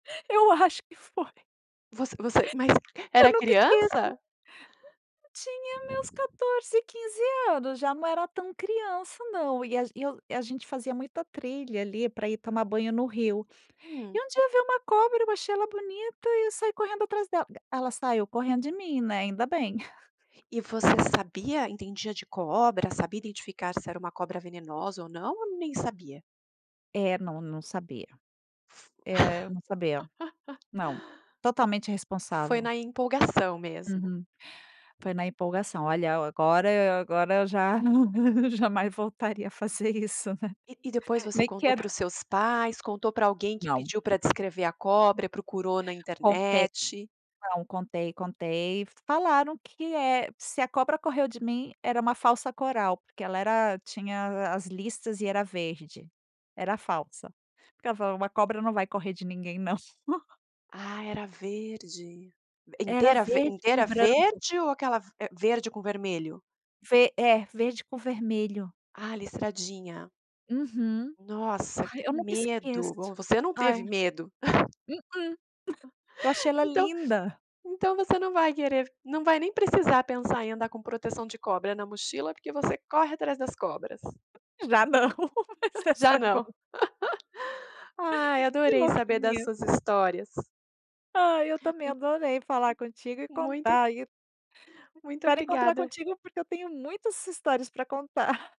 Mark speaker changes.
Speaker 1: Eu acho que foi.
Speaker 2: Você você, mas
Speaker 1: Eu
Speaker 2: era
Speaker 1: nunca esqueço...
Speaker 2: criança?
Speaker 1: tinha meus 14 15 anos já não era tão criança não, e age e eu a gente fazia muita trilha ali para ir tomar banho no rio.
Speaker 2: Hum.
Speaker 1: E um dia eu veio uma cobra, eu achei ela bonita e eu saí correndo atrás dela, ela saiu correndo de mim, né, ainda bem.
Speaker 2: E você sabia, entendia de cobra, sabia identificar se era uma cobra venenosa ou não ou nem sabia?
Speaker 1: É, não, não sabia. É eu não sabia, não, totalmente
Speaker 2: Foi
Speaker 1: irresponsável.
Speaker 2: na empolgação mesmo.
Speaker 1: Uhum. Foi na empolgação, olha agora agora eu já, não jamais voltaria a fazer isso,
Speaker 2: E e depois você
Speaker 1: Nem
Speaker 2: contou
Speaker 1: quero
Speaker 2: para os seus pais, contou para alguém que
Speaker 1: Não.
Speaker 2: pediu para descrever a cobra, procurou na
Speaker 1: Contei,
Speaker 2: internet?
Speaker 1: não, contei, contei, falaram que é se a cobra correu de mim era uma falsa coral, porque ela era tinha as listas e era verde, era falsa, porque ela falou uma cobra não vai correr de ninguém não.
Speaker 2: Ah, era verde.
Speaker 1: Era
Speaker 2: Inteira ver
Speaker 1: verde com
Speaker 2: inteira
Speaker 1: branco.
Speaker 2: verde ou aquela ve verde com vermelho?
Speaker 1: Ve é, verde com vermelho.
Speaker 2: A listradinha.
Speaker 1: Uhum.
Speaker 2: Nossa
Speaker 1: Ai
Speaker 2: que
Speaker 1: eu nunca esqueço
Speaker 2: medo, bom você não
Speaker 1: ai.
Speaker 2: teve medo.
Speaker 1: Uhum. Eu achei ela
Speaker 2: Então,
Speaker 1: linda.
Speaker 2: então você não vai querer não vai nem precisar pensar em andar com proteção de cobra na mochila, porque você corre atrás das cobras.
Speaker 1: Já não, mas essa
Speaker 2: Já
Speaker 1: é
Speaker 2: não.
Speaker 1: boa.
Speaker 2: Ai
Speaker 1: Que
Speaker 2: adorei saber das
Speaker 1: louquinha.
Speaker 2: suas histórias.
Speaker 1: Ai eu também
Speaker 2: Mui
Speaker 1: adorei falar contigo e
Speaker 2: muito
Speaker 1: contar aí
Speaker 2: Muito
Speaker 1: Espero encontrar
Speaker 2: obrigada.
Speaker 1: contigo, porque eu tenho muitas histórias para contar.